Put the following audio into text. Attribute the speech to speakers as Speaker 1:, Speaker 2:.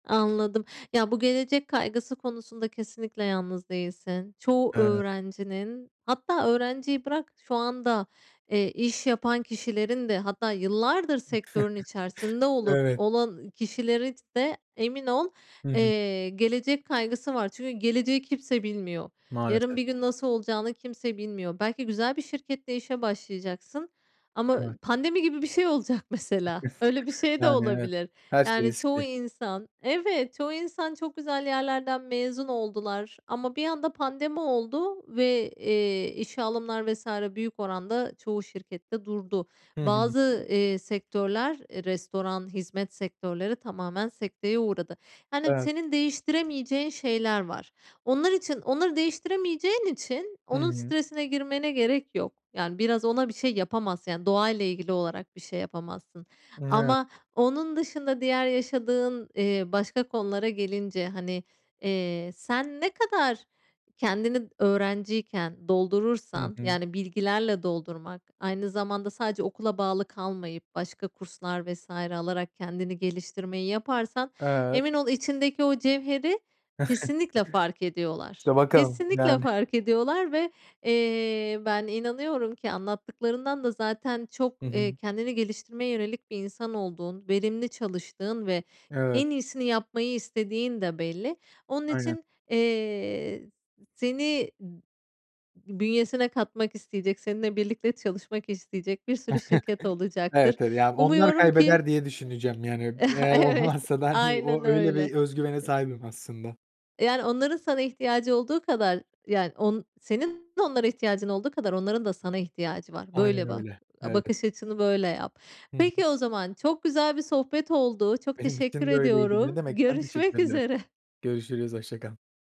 Speaker 1: Anladım. Ya, bu gelecek kaygısı konusunda kesinlikle yalnız değilsin. Çoğu
Speaker 2: Evet.
Speaker 1: öğrencinin, hatta öğrenciyi bırak, şu anda, eee, iş yapan kişilerin de, hatta yıllardır sektörün içerisinde olup,
Speaker 2: Evet.
Speaker 1: olan, iii, kişilerin de emin ol,
Speaker 2: Hı hı.
Speaker 1: eee, gelecek kaygısı var. Çünkü geleceği kimse bilmiyor. Yarın
Speaker 2: Maalesef.
Speaker 1: bir gün nasıl olacağını kimse bilmiyor. Belki güzel bir şirkette işe başlayacaksın ama, ııı,
Speaker 2: Evet.
Speaker 1: pandemi gibi bir şey olacak mesela, öyle bir şey de
Speaker 2: Yani, evet
Speaker 1: olabilir.
Speaker 2: her şey
Speaker 1: Yani, çoğu
Speaker 2: riskli.
Speaker 1: insan, evet, çoğu insan çok güzel yerlerden mezun oldular ama bir anda pandemi oldu ve, eee, işe alımlar vs. büyük oranda çoğu şirkette durdu.
Speaker 2: Hı hı.
Speaker 1: Bazı, eee, sektörler, e, restoran, hizmet sektörleri tamamen sekteye uğradı. Yani,
Speaker 2: Evet.
Speaker 1: senin değiştiremeyeceğin şeyler var. Onlar için, onları değiştiremeyeceğin için
Speaker 2: Hı
Speaker 1: onun
Speaker 2: hı.
Speaker 1: stresine girmene gerek yok. Yani, biraz ona bir şey yapamazsın, yani, doğayla ilgili olarak bir şey yapamazsın
Speaker 2: [unintelligible]
Speaker 1: ama onun dışında diğer yaşadığın, eee, başka konulara gelince, hani, eee, sen ne kadar kendini d öğrenciyken
Speaker 2: Hı
Speaker 1: doldurursan,
Speaker 2: hı.
Speaker 1: yani, bilgilerle doldurmak, aynı zamanda sadece okula bağlı kalmayıp başka kurslar vs. alarak kendini geliştirmeyi yaparsan,
Speaker 2: Evet.
Speaker 1: emin ol içindeki o cevheri kesinlikle fark ediyorlar,
Speaker 2: İşte bakalım.
Speaker 1: kesinlikle
Speaker 2: Yani.
Speaker 1: fark ediyorlar ve, eee, ben inanıyorum ki anlattıklarından da zaten çok,
Speaker 2: Hı
Speaker 1: eee,
Speaker 2: hı.
Speaker 1: kendini geliştirmeye yönelik bir insan olduğun, verimli çalıştığın ve
Speaker 2: Evet.
Speaker 1: en iyisini yapmayı istediğin de belli. Onun
Speaker 2: Aynen.
Speaker 1: için, eee, s seni b bünyesine katmak isteyecek, seninle birlikte çalışmak isteyecek bir sürü şirket olacaktır.
Speaker 2: Evet [unintelligible] ya, onlar
Speaker 1: Umuyorum ki
Speaker 2: kaybeder diye düşüneceğim, yani, öb
Speaker 1: eee,
Speaker 2: eğer
Speaker 1: evet
Speaker 2: olmazsa da, hani,
Speaker 1: aynen
Speaker 2: o öyle
Speaker 1: öyle.
Speaker 2: bir özgüvene
Speaker 1: E
Speaker 2: sahibim aslında.
Speaker 1: Yani, onların sana ihtiyacı olduğu kadar, yani, on senin de onlara ihtiyacın olduğu kadar onların da sana ihtiyacı var.
Speaker 2: Aynen
Speaker 1: Böyle bak,
Speaker 2: öyle.
Speaker 1: a
Speaker 2: Evet.
Speaker 1: bakış açını böyle yap.
Speaker 2: Hı hı.
Speaker 1: Peki o zaman, çok güzel bir sohbet oldu. Çok
Speaker 2: Benim
Speaker 1: teşekkür
Speaker 2: için de öyleydi. Ne
Speaker 1: ediyorum.
Speaker 2: demek. Ben teşekkür
Speaker 1: Görüşmek
Speaker 2: ederim.
Speaker 1: üzere.
Speaker 2: Görüşürüz, hoşça kal.